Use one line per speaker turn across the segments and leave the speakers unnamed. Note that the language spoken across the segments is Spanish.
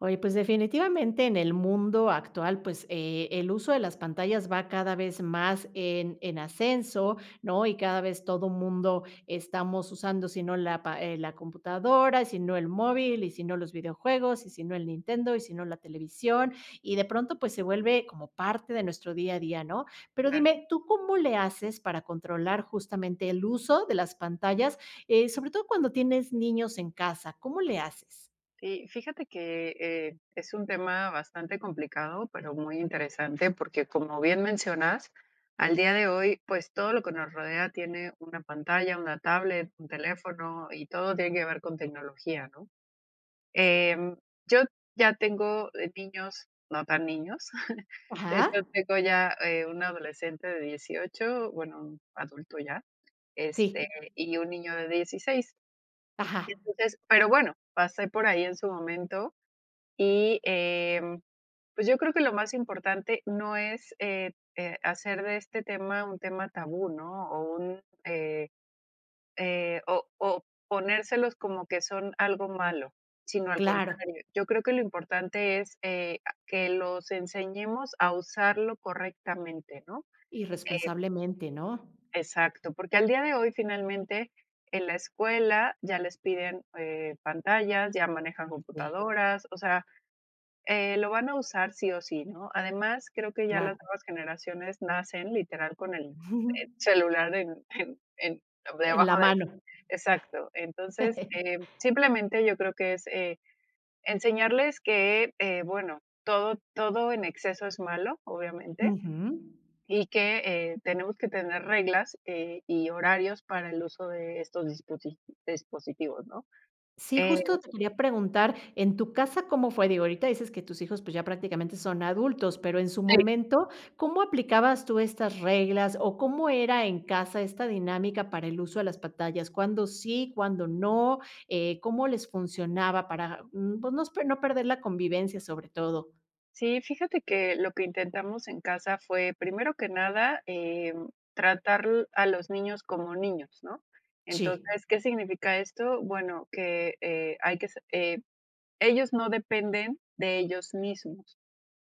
Oye, pues, definitivamente en el mundo actual, pues, eh, el uso de las pantallas va cada vez más en en ascenso, ¿no? Y cada vez todo mundo estamos usando sino la pa eh, la computadora, y sino el móvil, y sino los videojuegos, y sino el Nintendo, y sino la televisión. Y de pronto, pues, se vuelve como parte de nuestro día a día, ¿no? Pero
Claro.
dime, ¿tú cómo le haces para controlar justamente el uso de las pantallas? Eh, sobre todo cuando tienes niños en casa, ¿cómo le haces?
Sí, fíjate que, eh, es un tema bastante complicado, pero muy interesante, porque como bien mencionas, al día de hoy, pues, todo lo que nos rodea tiene una pantalla, una tablet, un teléfono, y todo tiene que ver con tecnología, ¿no? Eh, yo ya tengo, eh, niños, no tan niños. De
Ajá.
hecho, tengo ya, eh, un adolescente de 18, bueno, un adulto ya, este,
Sí.
y un niño de 16.
Ajá.
Entonces pero, bueno, pasé por ahí en su momento y, eh, pues, yo creo que lo más importante no es, eh, eh, hacer de este tema un tema tabú, ¿no? O, un eh, eh, o o, ponérselos como que son algo malo, sino al
Claro.
contrario. Yo creo que lo importante es, eh, a que los enseñemos a usarlo correctamente, ¿no? Eh
Irresponsablemente, ¿no?
Exacto, porque al día de hoy finalmente en la escuela ya les piden, eh, pantallas, ya manejan
Sí.
computadoras, o sea, eh, lo van a usar, sí, o, sí, ¿no? Además, creo que ya las
Claro.
nuevas generaciones nacen literal con el celular en en en
En la
debajo del
mano.
exacto. Entonces, eh, simplemente yo creo que es, eh, enseñarles que, eh, bueno, todo todo en exceso es malo, obviamente,
Ujú.
y que, eh, tenemos que tener reglas, eh, y horarios para el uso de estos disposi dispositivos, ¿no?
Sí,
Eh
justo te quería preguntar, ¿en tu casa cómo fue? Digo, ahorita dices que tus hijos, pues, ya prácticamente son adultos, pero en su momento, ¿cómo aplicabas tú estas reglas, o, cómo era en casa esta dinámica para el uso de las pantallas? ¿Cuándo sí, cuándo no? Eh, ¿cómo les funcionaba para, mm, pues, nos per no perder la convivencia sobre todo?
Sí, fíjate que lo que intentamos en casa fue, primero que nada, em, tratar l a los niños como niños, ¿no?,
Sí.
entonces, ¿qué significa esto?, bueno, que, eh, hay que se eh, ellos no dependen de ellos mismos.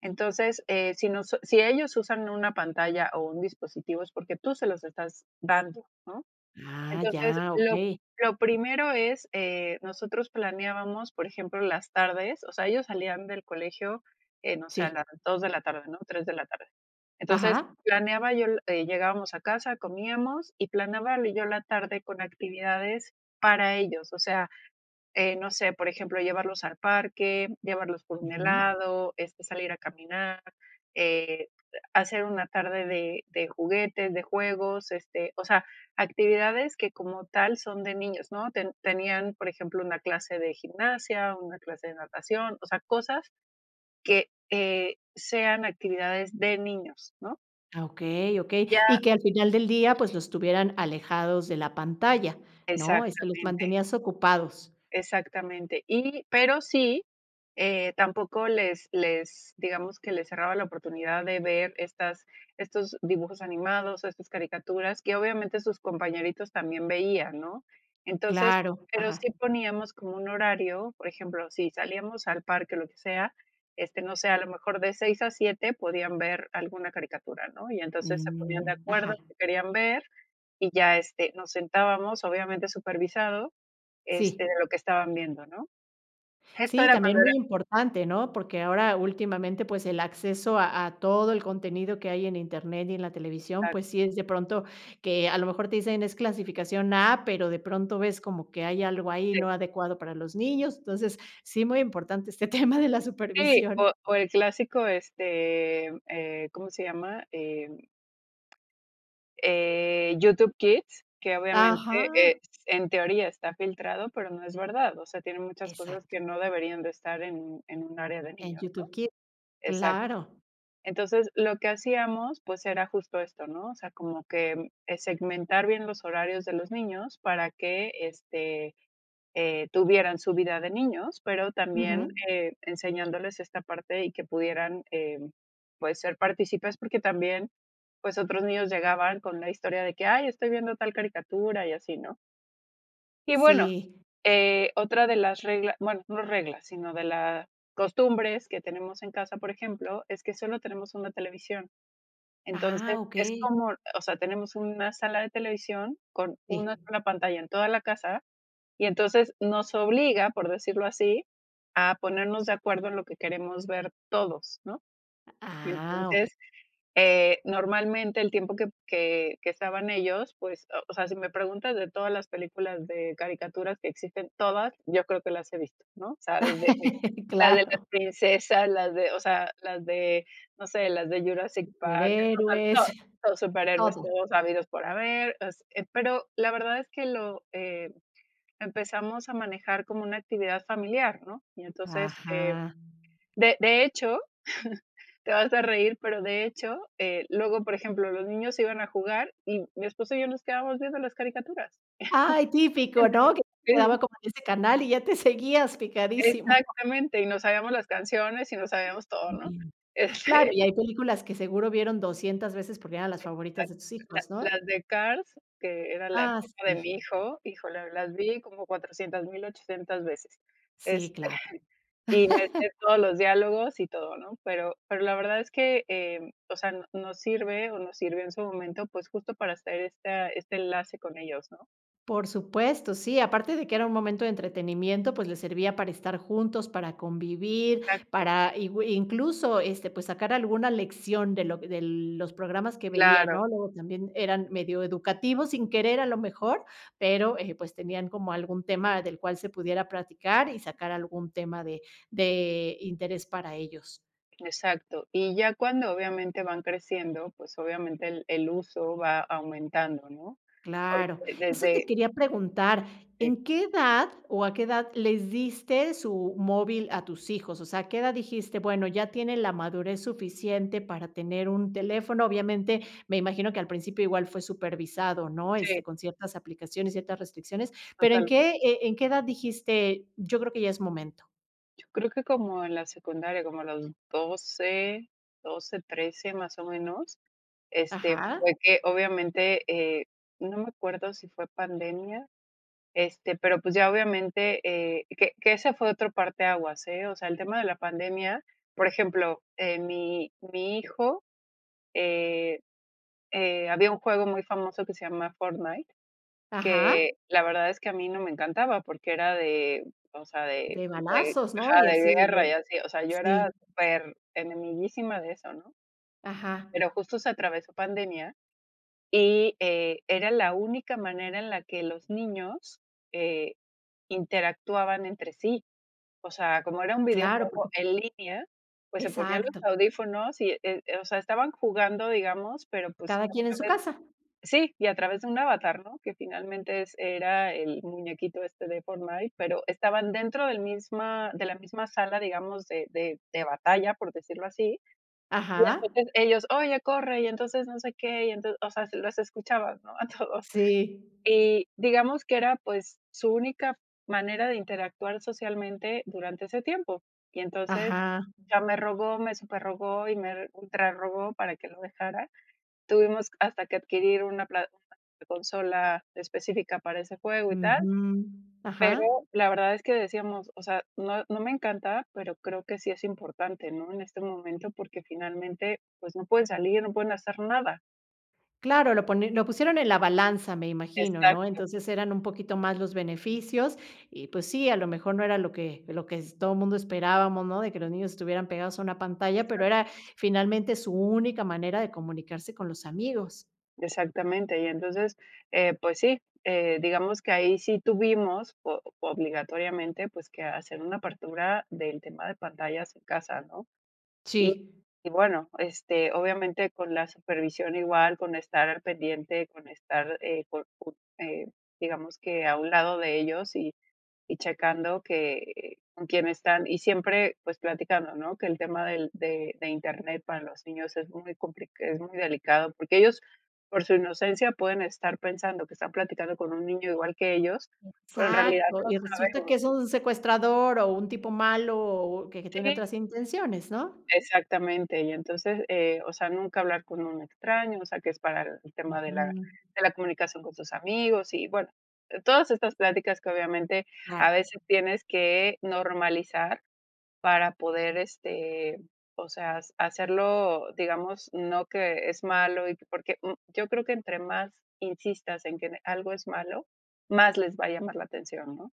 Entonces, eh, si nos si ellos usan una pantalla, o un dispositivo es porque tú se los estás dando, ¿no?,
Ah,
entonces,
ya,
lo
okey.
lo primero es eh, nosotros planeábamos, por ejemplo, las tardes, o sea, ellos salían del colegio, eh, no sé, a
Sí.
las 2 de la tarde, ¿no?, 3 de la tarde. Entonces,
Ajá.
planeaba yo, le eh, llegábamos a casa, comíamos, y planeaba y yo la tarde con actividades para ellos. O sea, eh, no sé, por ejemplo, llevarlos al parque, llevarlos por un
Ujú.
helado, este, salir a caminar, eh, hacer una tarde de de juguetes, de juegos, este, o sea, actividades que como tal son de niños, ¿no?, te tenían, por ejemplo, una clase de gimnasia, una clase de natación, o sea, cosas que, eh, sean actividades de niños, ¿no?
Ah, okey, okey.
Ya.
Y que al final del día pues los tuvieran alejados de la pantalla, ¿no?, este, los
Exactamente.
mantenías ocupados.
Exactamente. Y, pero sí, eh, tampoco les les, digamos, que les cerraba la oportunidad de ver estas- estos dibujos animados, estas caricaturas, que obviamente sus compañeritos también veían, ¿no?, entonces,
Claro,
pero
ajá.
sí poníamos como un horario, por ejemplo, si salíamos al parque, lo que sea, este, no sé, a lo mejor de 6 a 7 podían ver alguna caricatura, ¿no?, y entonces se ponían de
Mm, ajá.
acuerdo que querían ver, y ya, este, nos sentábamos obviamente supervisado, este, de
Sí.
lo que estaban viendo, ¿no?, esto
Sí,
era
también
cuando era
muy importante, ¿no?, porque ahora últimamente, pues, el acceso a a todo el contenido que hay en Internet y en la televisión,
Exacto.
pues, sí es de pronto que a lo mejor te dicen: "Es clasificación A", pero de pronto ves como que hay algo ahí
Sí.
no adecuado para los niños. Entonces, sí muy importante este tema de la
Sí,
supervisión.
o o el clásico, este, eh, ¿cómo se llama?, em, eh, YouTube Kids, que obviamente, es
Ajá.
en teoría está filtrado, pero no es verdad. O sea, tienen muchas cosas
Exacto.
que no deberían de estar en en un área de
¿En
niños, ¿no?
YouTube Kids?,
Exacto.
claro.
Entonces, lo que hacíamos, pues, era justo esto, ¿no?, o sea, como que, eh, segmentar bien los horarios de los niños para que, este, eh, tuvieran su vida de niños, pero también,
Ujú.
eh, enseñándoles esta parte, y que pudieran, em, pues, ser partícipes, porque también, pues, otros niños llegaban con la historia de que: "Ay, estoy viendo tal caricatura", y así, ¿no? Y bueno,
Sí.
eh, otra de las regla bueno, no reglas, sino de la costumbres que tenemos en casa, por ejemplo, es que solo tenemos 1 televisión.
Ah,
Entonces, es
okey.
como o sea, tenemos una sala de televisión con
Sí.
una sola pantalla en toda la casa, y entonces nos obliga, por decirlo así, a ponernos de acuerdo en lo que queremos ver todos, ¿no?,
Ah, okey.
entonces, eh, normalmente el tiempo p que que estaban ellos, pues, o o sea, si me preguntas de todas las películas de caricaturas que existen, todas, yo creo que las he visto, ¿no?, sabes desde la de las
Claro.
princesas, las de o sea, las de, no sé, las de Jurassic Park, [unintelligible]
Superhéroes,
todos todos superhéroes
todo.
todos habidos por haber así, pero, la verdad es que lo, eh, empezamos a manejar como una actividad familiar, ¿no?, y entonces, eh,
Ajá.
de de hecho, te vas a reír, pero, de hecho, eh, luego, por ejemplo, los niños se iban a jugar, y mi esposo y yo nos quedamos viendo las caricaturas.
Ay, típico, ¿no?, que
Sí, sí.
quedaba como en ese canal y ya te seguías picadísimo.
Exactamente, y nos sabíamos las canciones, y nos sabíamos todo, ¿no?,
[unintelligible] Claro,
este
y hay películas que seguro vieron 200 veces porque eran las favoritas de
Exacto.
tus
La
hijos, ¿no?
las de Cars, que era la
Ah,
época de
sí.
mi hijo, híjole, las vi como 400800 veces.
Sí,
Este,
claro.
y me sé todos los diálogos, y todo, ¿no?, pero pero la verdad es que, eh, o sea, n nos sirve, o nos sirvió en su momento, pues, justo para hacer esta este enlace con ellos, ¿no?
Por supuesto, sí, aparte de que era un momento de entretenimiento, pues les servía para estar juntos, para convivir,
Exacto.
para igüi incluso, este, pues, sacar alguna lección de lo de los programas que veían,
Claro.
¿no?, luego también eran medio educativos sin querer a lo mejor, pero, eh, pues, tenían como algún tema del cual se pudiera platicar, y sacar algún tema de de interés para ellos.
Exacto. Y ya cuando, obviamente, van creciendo, pues, obviamente, el el uso va aumentando, ¿no?
Claro.
Porque
Eso te
desde
quería preguntar,
Sí.
¿en qué edad o a qué edad les diste su móvil a tus hijos? O sea, a qué edad dijiste: "Bueno, ya tiene la madurez suficiente para tener un teléfono". Obviamente me imagino que al principio igual fue supervisado, ¿no?
Sí.
Este, con ciertas aplicaciones, ciertas restricciones, pero ¿en
Total.
qué, eh, en qué edad dijiste, yo creo que ya es momento?
Yo creo que como en la secundaria. Como a los 12. 12, 13, más o menos, este,
Ajá.
fue que, obviamente, eh, no me acuerdo si fue pandemia, este, pero pues ya obviamente, eh que que ese fue otro parteaguas, eh, o sea, el tema de la pandemia por ejemplo, eh, mi mi hijo, eh, eh, había un juego muy famoso que se llama Fortnite,
Ajá.
que la verdad es que a mí no me encantaba porque era de o sea, de
De
como de
balazos, ¿no?
ajá,
Y
de
así de
guerra y
que
así. O sea, yo era
sí.
per enemiguísima de eso, ¿no?
Ajá.
Pero justo se atravesó pandemia y, eh, era la única manera en la que los niños, eh, interactuaban entre sí. O sea, como era un
Claro,
videojuego
porque
en línea, pues se ponían los
Exacto.
audífonos y, eh eh, o sea, estaban jugando, digamos, pero, pues, a
Cada
través
quién en su casa.
sí. Y a través de un avatar, ¿no? Que finalmente es era el muñequito este de Fortnite, pero estaban dentro del misma de la misma sala, digamos, de de de batalla, por decirlo así. Y
Ajá.
entonces ellos: "Oye, corre, y entonces no sé qué, y entonces". O sea, así los escuchabas, ¿no? A todos.
Sí.
Y digamos que era, pues, su única manera de interactuar socialmente durante ese tiempo. Y entonces
Ajá.
ya me rogó, me superrogó, y me ultrarrogó para que lo dejara. Tuvimos hasta que adquirir una pla [unintelligible] consola específica para ese juego y tal.
Ujú.
Pero
Ajá.
la verdad es que decíamos: "O sea, no no me encanta, pero creo que sí es importante, ¿no?, en este momento, porque finalmente, pues no pueden salir, no pueden hacer nada".
Claro lo poni lo pusieron en la balanza me imagino, ¿no?
Exacto.
Entonces, eran un poquito más los beneficios, y pues sí a lo mejor no era lo que lo que s todo mundo esperábamos, ¿no? De que los niños estuvieran pegados a una pantalla, pero
Exacto.
era finalmente su única manera de comunicarse con los amigos.
Exactamente. Y entonces, eh, pues sí, eh, digamos que ahí sí tuvimos, o obligatoriamente, pues, que hacer una apertura del tema de pantallas en casa, ¿no? Y
Sí.
y bueno, este, obviamente con la supervisión igual, con estar al pendiente, con estar, eh, por por, eh, digamos que a un lado de ellos, y y checando que con quién están, y siempre pues platicando, ¿no? Que el tema del de de Internet para los niños es muy complic es muy delicado. Porque ellos por su inocencia pueden estar pensando que están platicando con un niño igual que ellos, pero en realidad
Exacto,
no
y resulta que
sabemos,
es
¿no?
un secuestrador o un tipo malo, o que que tiene
Sí.
otras intenciones, ¿no?
Exactamente, y entonces, eh, o sea, nunca hablar con un extraño. O sea, que es para el tema de la
Ujú.
de la comunicación con sus amigos. Y, bueno, todas estas pláticas que obviamente
Claro.
a veces tienes que normalizar para poder, este, o sea, hace hacerlo, digamos, no que es malo, y que porque, mm, yo creo que entre más insistas en que en algo es malo, más les va a llamar la atención, ¿no?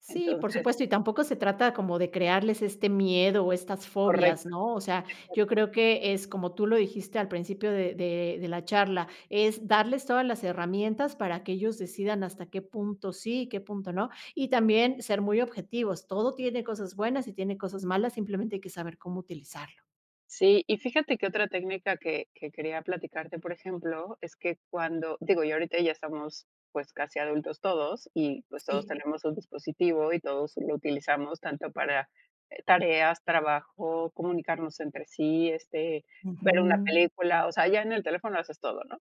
Sí, por
Entonces
supuesto, y tampoco se trata como de crearles este miedo o estas fobias,
Correcto.
¿no? O sea, yo
Exacto.
creo que es como tú lo dijiste al principio, de de de la charla. Es darles todas las herramientas para que ellos decidan hasta qué punto sí, y qué punto no y también ser muy objetivos. Todo tiene cosas buenas y tiene cosas malas, simplemente hay que saber cómo utilizarlo.
Sí, y fíjate que otra técnica que que quería platicarte, por ejemplo, es que cuando digo, yo ahorita ya estamos, pues, casi adultos todos y, pues, todos
Sí.
tenemos un dispositivo, y todos lo utilizamos tanto para, eh, tareas, trabajo, comunicarnos entre sí, este, ver una
Ujú.
película. O sea, ya en el teléfono haces todo, ¿no?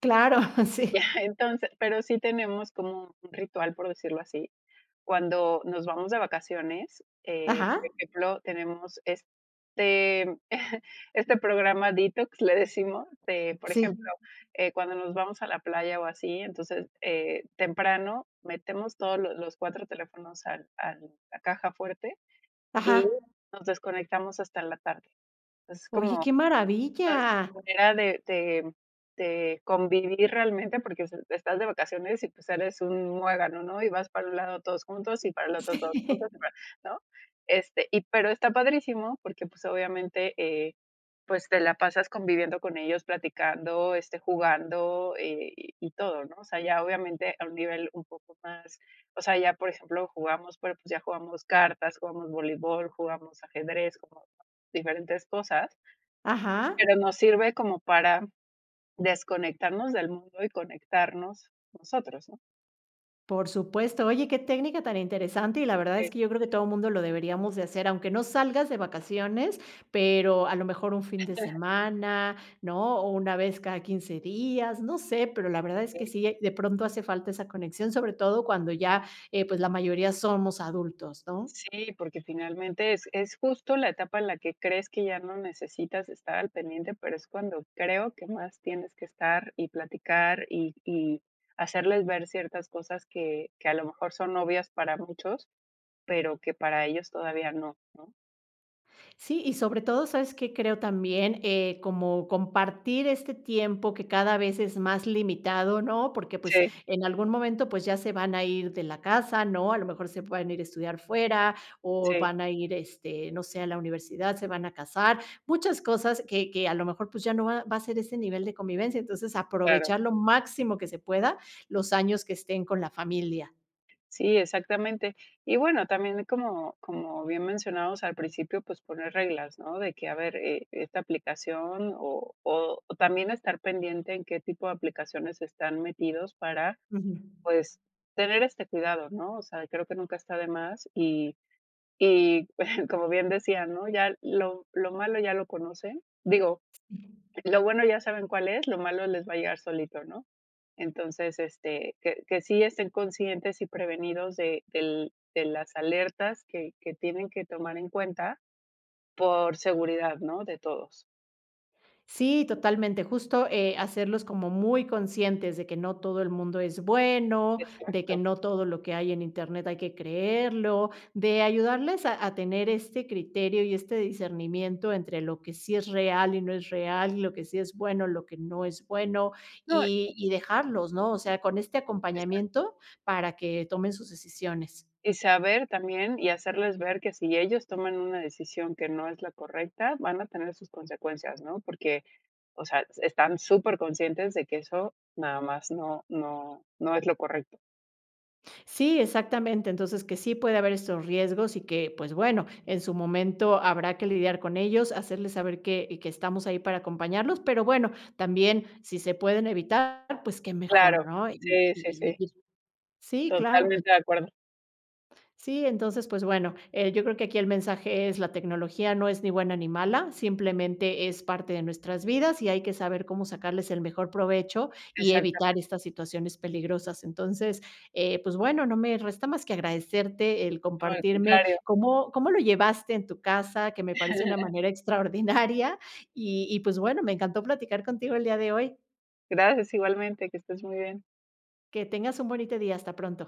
Claro, sí.
Ya, entonces, pero sí tenemos como un ritual, por decirlo así. Cuando nos vamos de vacaciones, eh,
Ajá.
por ejemplo, tenemos este este programa detox, le decimos de, por
Sí.
ejemplo, eh, cuando nos vamos a la playa o así, entonces, eh, temprano metemos todos lo los 4 teléfonos al al la caja fuerte y
Ajá.
nos desconectamos hasta en la tarde. Entonces,
¡Oye,
como,
qué
pues,
maravilla!
una manera de de de convivir realmente, porque es estás de vacaciones y pues sales un muégano, ¿no? Y vas para un lado todos juntos, y para el otro todos juntos,
Sí.
y para ¿no? Este, y pero está padrísimo porque pues obviamente, eh, pues, te la pasas conviviendo con ellos, platicando, este, jugando, y y todo, ¿no? O sea, ya obviamente a un nivel un poco más o sea, ya por ejemplo, jugamos, pero, pues, ya jugamos cartas, jugamos voleibol, jugamos ajedrez, como diferentes cosas
Ajá.
pero nos sirve como para desconectarnos del mundo, y conectarnos nosotros, ¿no?
Por supuesto. Oye, qué técnica tan interesante, y la verdad es
Sí.
que yo creo que todo mundo lo deberíamos de hacer, aunque no salgas de vacaciones, pero a lo mejor un fin de semana, ¿no? O una vez cada 15 días. No sé, pero la verdad es que
Okey.
sí de pronto hace falta esa conexión, sobre todo cuando ya, eh, pues, la mayoría somos adultos, ¿no?
Sí, porque finalmente es es justo la etapa en la que crees que ya no necesitas estar al pendiente, pero es cuando creo que más tienes que estar y platicar, y y hacerles ver ciertas cosas que que a lo mejor son obvias para muchos, pero que para ellos todavía no, ¿no?
Sí, y sobre todo sabes que creo también, eh, como compartir este tiempo que cada vez es más limitado, ¿no? Porque, pues,
Sí.
en algún momento, pues, ya se van a ir de la casa, ¿no? A lo mejor se puedan ir a estudiar fuera, o,
Sí.
van a ir, este, no sé, a la universidad, se van a casar, muchas cosas que que a lo mejor, pues, ya no va va a ser ese nivel de convivencia. Entonces
Claro.
aprovechar lo máximo que se pueda los años que estén con la familia.
Sí, exactamente. Y bueno, también como como bien mencionamos al principio, pues, poner reglas, ¿no? De que a ver, eh, esta aplicación, o o, también estar pendiente en qué tipo de aplicaciones están metidos para,
Ujú.
pues, tener este cuidado, ¿no? O sea, creo que nunca está de más, y y, como bien decía, ¿no? Ya lo lo malo ya lo conocen, digo, lo bueno ya saben cuál es, lo malo les va a llegar solito, ¿no? Entonces, este, que que sí estén conscientes y prevenidos de del de las alertas que que tienen que tomar en cuenta por seguridad, ¿no? De todos.
Sí, totalmente, justo, eh, hacerlos como muy conscientes de que no todo el mundo es bueno, de que
Exacto.
no todo lo que hay en Internet hay que creerlo, de ayudarles a a tener este criterio y este discernimiento, entre lo que sí es real y no es real, lo que sí es bueno, lo que no es bueno,
No.
y y dejarlos, ¿no?, o sea, con este
Exacto.
acompañamiento para que tomen sus decisiones.
Y saber también y hacerles ver que si ellos toman una decisión que no es la correcta, van a tener sus consecuencias, ¿no?, porque, o sea, están superconscientes de que eso nada más no no no es lo correcto.
Sí, exactamente, entonces que sí puede haber estos riesgos y que, pues bueno, en su momento habrá que lidiar con ellos, hacerles saber que y que estamos ahí para acompañarlos, pero bueno, también si se pueden evitar pues qué mejor,
Claro,
¿no?, y y
sí, sí,
y
sí.
[unintelligible] Sí claro.
Totalmente de acuerdo.
Sí, entonces pues bueno, eh, yo creo que aquí el mensaje es la tecnología no es ni buena, ni mala. Simplemente, es parte de nuestras vidas y hay que saber cómo sacarles el mejor provecho, y evitar
Exactamen
estas situaciones peligrosas. Entonces, eh, pues bueno no me resta más que agradecerte el
No, al
compartirme
contrario.
cómo cómo lo llevaste en tu casa, que me parece una manera extraordinaria, y y pues, bueno, me encantó platicar contigo el día de hoy.
Gracias, igualmente, que estés muy bien.
Que tengas un bonito día, hasta pronto.